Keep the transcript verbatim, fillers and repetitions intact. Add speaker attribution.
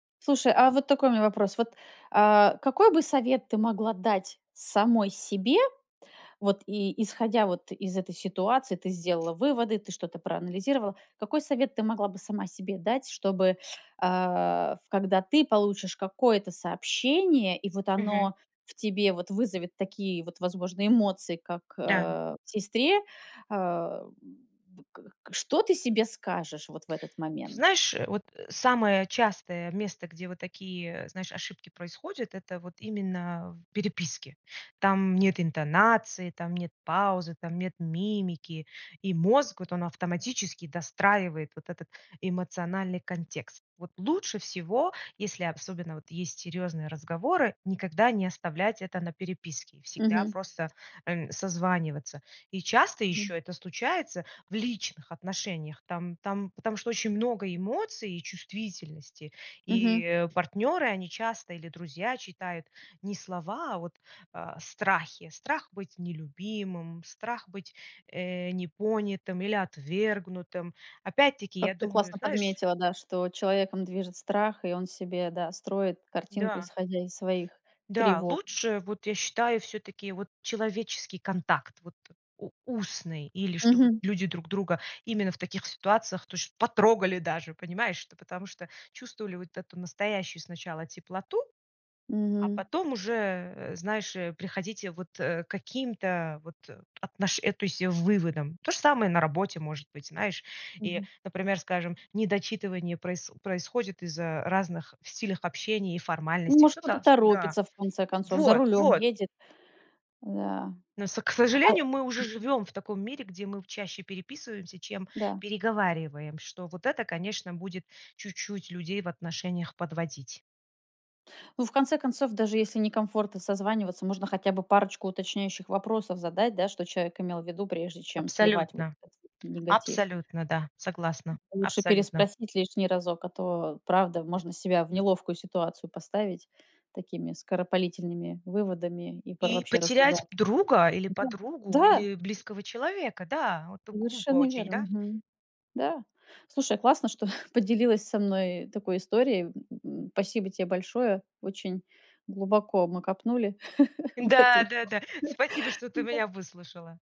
Speaker 1: Слушай, а вот такой у меня вопрос. Вот, а, какой бы совет ты могла дать самой себе вот и исходя вот из этой ситуации? Ты сделала выводы, ты что-то проанализировала? Какой совет ты могла бы сама себе дать, чтобы, а, в когда ты получишь какое-то сообщение, и вот
Speaker 2: Мгм.
Speaker 1: оно в тебе вот вызовет такие вот, возможно, эмоции, как,
Speaker 2: Да.
Speaker 1: э, в сестре, э, в к к что ты себе скажешь вот в этот
Speaker 2: Ты
Speaker 1: момент?
Speaker 2: знаешь, э, вот самое частое место, где вот такие, знаешь, ошибки происходят, это вот именно в переписке. Там нет интонации, там нет паузы, там нет мимики, и мозг вот он автоматически достраивает вот этот эмоциональный контекст. Вот лучше всего, если обсобенно вот есть серьезные разговоры, никогда не оставлять это на переписке. Всегда
Speaker 1: Мгм.
Speaker 2: просто, э, созваниваться. И часто
Speaker 1: Мгм.
Speaker 2: еще это случается в личных отношениях, там там, потому что очень много эмоций и чувствительности,
Speaker 1: Мгм.
Speaker 2: и партнеры, они часто, или друзья, читают не слова, а вот, а, страхи. Страх быть нелюбимым, страх быть, э, непонятым или отвергнутым. Опять-таки,
Speaker 1: Как
Speaker 2: я
Speaker 1: ты
Speaker 2: думаю,
Speaker 1: классно
Speaker 2: знаешь
Speaker 1: подметила, да, что человеком движет страх, и он себе, да, строит картинку,
Speaker 2: Да.
Speaker 1: исходя из своих
Speaker 2: Да.
Speaker 1: тревог.
Speaker 2: Лучше, вот, я считаю, всё-таки вот человеческий контакт, вот у устный, или чтобы
Speaker 1: Мгм.
Speaker 2: люди друг друга именно в таких ситуациях то есть потрогали даже, понимаешь. Ну, потому что чувствовали вот эту настоящую сначала теплоту, а
Speaker 1: Мгм.
Speaker 2: потом уже, э, знаешь приходите вот, э, каким-то вот отношен э, то есть выводам. То же самое на работе может быть, знаешь, и,
Speaker 1: Мгм.
Speaker 2: например, скажем недочитывание проис происходит из-за разных в стилях общения и
Speaker 1: Ну,
Speaker 2: формальностей.
Speaker 1: может,
Speaker 2: Ну,
Speaker 1: кто-то
Speaker 2: да-да.
Speaker 1: торопится, в конце концов, за
Speaker 2: Вот!
Speaker 1: рулём
Speaker 2: Вот!
Speaker 1: едет. Да.
Speaker 2: Ну, с к
Speaker 1: А
Speaker 2: сожалению, мы уже
Speaker 1: [unintelligible]
Speaker 2: живем в таком мире, где мы чаще переписываемся, чем
Speaker 1: Да.
Speaker 2: переговариваем. Что вот это, конечно, будет чуть-чуть людей в отношениях подводить.
Speaker 1: Ну, в конце концов, даже если некомфортно созваниваться, можно хотя бы парочку уточняющих вопросов задать, да, что человек имел в виду, прежде чем сливать вот
Speaker 2: Абсолютно,
Speaker 1: этот негатив.
Speaker 2: абсолютно, да, согласна!
Speaker 1: Лучше
Speaker 2: Абсолютно!
Speaker 1: переспросить лишний разок, а то правда можно себя в неловкую ситуацию поставить такими скоропалительными выводами и пор
Speaker 2: И
Speaker 1: вообще
Speaker 2: потерять
Speaker 1: разругаться.
Speaker 2: друга или
Speaker 1: Да,
Speaker 2: подругу,
Speaker 1: да!
Speaker 2: или близкого человека. Да, вот глупо
Speaker 1: Совершенно
Speaker 2: очень,
Speaker 1: верно.
Speaker 2: да?
Speaker 1: Мгм. Да. Слушай, классно, что поделилась со мной такой историей, м. Спасибо тебе большое. Очень глубоко мы копнули в эту.
Speaker 2: Да-да-да. Спасибо, что ты
Speaker 1: Да.
Speaker 2: меня выслушала.